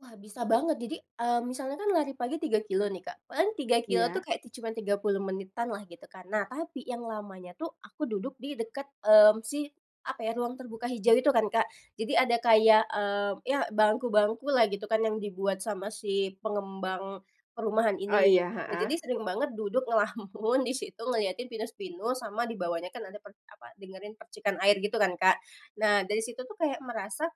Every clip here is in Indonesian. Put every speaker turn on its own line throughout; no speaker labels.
Wah bisa banget jadi, eee, misalnya kan lari pagi 3 kilometer nih, Kak. Paling 3 kilometer tuh
Iya.
kayak ti cuman 30 menitan lah, gitu kan. Nah, tapi yang lamanya tuh aku duduk di deket, mmm, si, apa ya, ruang terbuka hijau itu kan, Kak. Jadi ada kayak, mmm, yah bangku-bangku lah gitu kan, yang dibuat sama si pengembang perumahan
Oh,
ini.
iya.
Nah, jadi
Heeh.
sering banget duduk ngelamun di situ ngeliatin pinus-pinus sama di bawahnya kan ada per apa, dengerin percikan air gitu kan, Kak. Nah dari situ tuh kayak merasa,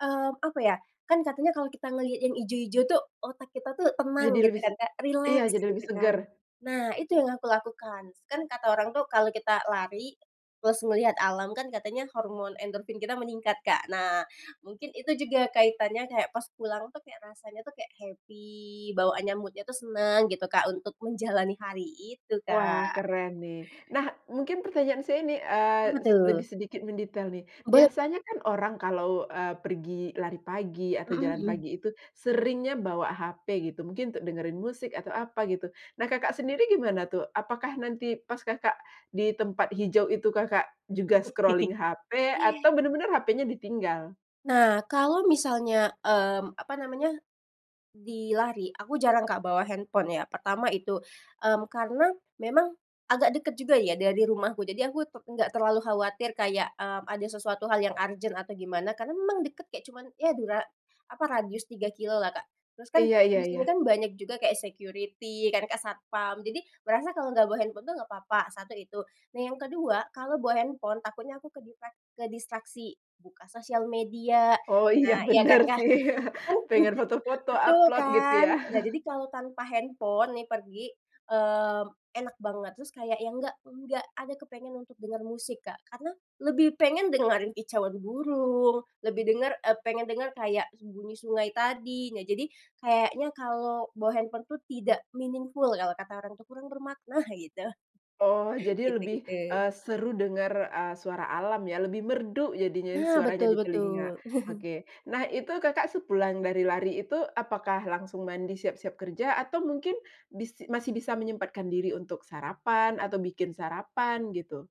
mmm, apa ya, kan katanya kalau kita ngelihat yang hijau-hijau tuh otak kita tuh tenang
Jadi
gitu
lebih s
kan Kak,
iya,
rileks
jadi lebih
gitu kan,
segar.
nah itu yang aku lakukan. Kan kata orang tuh kalau kita lari, terus ngelihat alam kan katanya hormon endorfin kita meningkat, Kak. Nah, mungkin itu juga kaitannya kayak pas pulang tuh kayak rasanya tuh kayak happy, bawaannya mood-nya tuh seneng gitu Kak, untuk menjalani hari itu,
Wah,
Kak.
keren nih. Nah, mungkin pertanyaan saya ini, eee,
Apa
se lebih
tuh?
sedikit mendetail nih.
Boleh.
Biasanya kan orang kalau, eee, pergi lari pagi atau
Mhm
jalan
mhm.
pagi itu seringnya bawa HP gitu, mungkin untuk dengerin musik atau apa gitu. Nah, Kakak sendiri gimana tuh? Apakah nanti pas Kakak di tempat hijau itu Kakak juga scrolling HP atau benar-benar HP-nya ditinggal?
Nah kalau misalnya, mmm, apa namanya, dilari aku jarang Kak bawa handphone ya. Pertama itu, mmm, karena memang agak deket juga ya dari rumahku jadi aku tu nggak terlalu khawatir kayak, mmm, ada sesuatu hal yang urgent atau gimana, karena memang deket kayak cuman, ya dura apa, radius 3 kilometer lah, Kak. Terus kan
Iya iya
di sini
iya.
kan banyak juga kayak security kan Kak satpam, jadi merasa kalau nggak bawa handphone tuh nggak apa-apa, 1 itu. Nah yang ke-2, kalau bawa handphone takutnya aku keditrak kedistraksi buka sosial media,
Oh iya,
nah iya kan,
bener
Kak?
sih.
Mhm,
Pengen foto-foto,
betul
upload, gitu
kan?
ya?
Nah, jadi kalau tanpa handphone nih pergi, mmm, enak banget terus kayak yang enggak enggak ada kepengen untuk dengar musik, Kak. Karena lebih pengen dengerin kicauan burung, lebih denger eee, pengen dengar kayak bunyi sungai tadi. Nah jadi, kayaknya kalau bawa handphone tuh tidak meaningful kalau kata orang itu, kurang bermakna, gitu
Oh, jadi
Gitu
lebih,
gitu.
eee, seru dengar, eee, suara alam ya, lebih merdu jadinya
Nah,
suaranya
betul
di telinga.
betul.
Oke, nah itu Kakak sepulang dari lari itu, apakah langsung mandi siap-siap kerja, atau mungkin bis masih bisa menyempatkan diri untuk sarapan, atau bikin sarapan, gitu?